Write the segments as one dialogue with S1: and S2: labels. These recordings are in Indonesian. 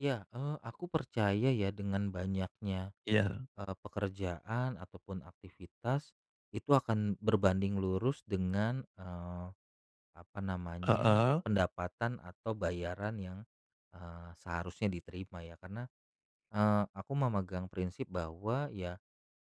S1: Ya, eee, aku percaya ya dengan banyaknya,
S2: Iya.
S1: eee, pekerjaan ataupun aktivitas itu akan berbanding lurus dengan, eee, apa namanya,
S2: Heeh.
S1: pendapatan atau bayaran yang, eee, seharusnya diterima ya. Karena, eee, aku memegang prinsip bahwa, ya,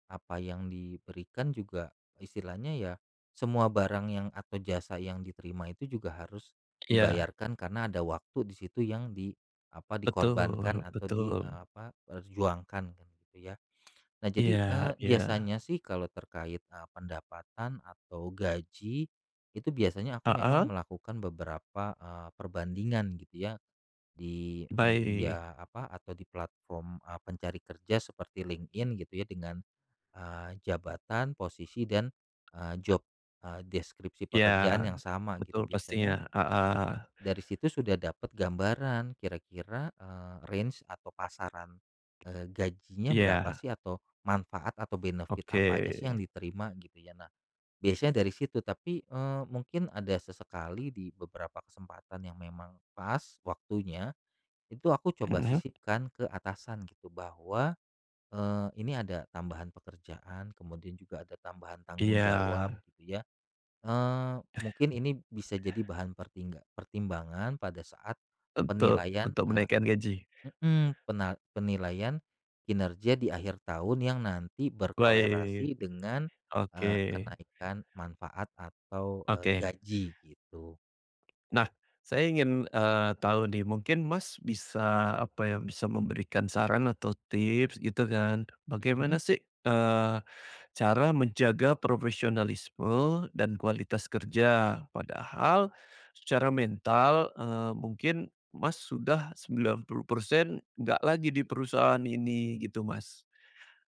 S1: apa yang diberikan juga, istilahnya ya, semua barang yang atau jasa yang diterima itu juga harus
S2: Iya.
S1: dibayarkan karena ada waktu di situ yang di apa, dikorbankan
S2: Betul
S1: atau di, e
S2: betul.
S1: apa, perjuangkan gitu ya. Nah jadi,
S2: Iya
S1: eee,
S2: iya.
S1: biasanya sih kalau terkait, eee, pendapatan atau gaji, itu biasanya aku memang
S2: Heeh.
S1: melakukan beberapa, eee, perbandingan gitu ya, di
S2: Baik.
S1: media, apa, atau di platform pencari kerja seperti LinkedIn gitu ya, dengan, eee, jabatan, posisi dan, e job, e deskripsi
S2: Iya,
S1: pekerjaan yang sama,
S2: betul
S1: gitu.
S2: pastinya,
S1: Biasanya,
S2: heeh.
S1: dari situ sudah dapet gambaran, kira-kira, eee, range atau pasaran, eee, gajinya berapa
S2: Iya.
S1: sih, atau manfaat atau benefit apa
S2: Oke.
S1: aja sih yang diterima, gitu ya. Nah, biasanya dari situ tapi, eee, mungkin ada sesekali di beberapa kesempatan yang memang pas, waktunya, itu aku coba
S2: Hmm.
S1: sisipkan ke atasan gitu bahwa, eee, ini ada tambahan pekerjaan, kemudian juga ada tambahan tanggung jawab
S2: Iya.
S1: gitu ya, eee, mungkin ini bisa jadi bahan pertingga pertimbangan pada saat
S2: Untuk
S1: penilaian,
S2: untuk
S1: eee
S2: menaikkan gaji.
S1: heeh, pena penilaian kinerja di akhir tahun yang nanti
S2: Baik,
S1: berkolerasi dengan,
S2: oke.
S1: eee, kenaikan manfaat atau, eee,
S2: Oke.
S1: gaji, gitu.
S2: Nah, saya ingin, eee, tahu nih, mungkin Mas bisa, apa ya, bisa memberikan saran atau tips gitu kan, bagaimana
S1: Mhm.
S2: sih, eee, cara menjaga profesionalisme dan kualitas kerja, padahal secara mental, eee, mungkin Mas sudah 90% nggak lagi di perusahaan ini, gitu Mas.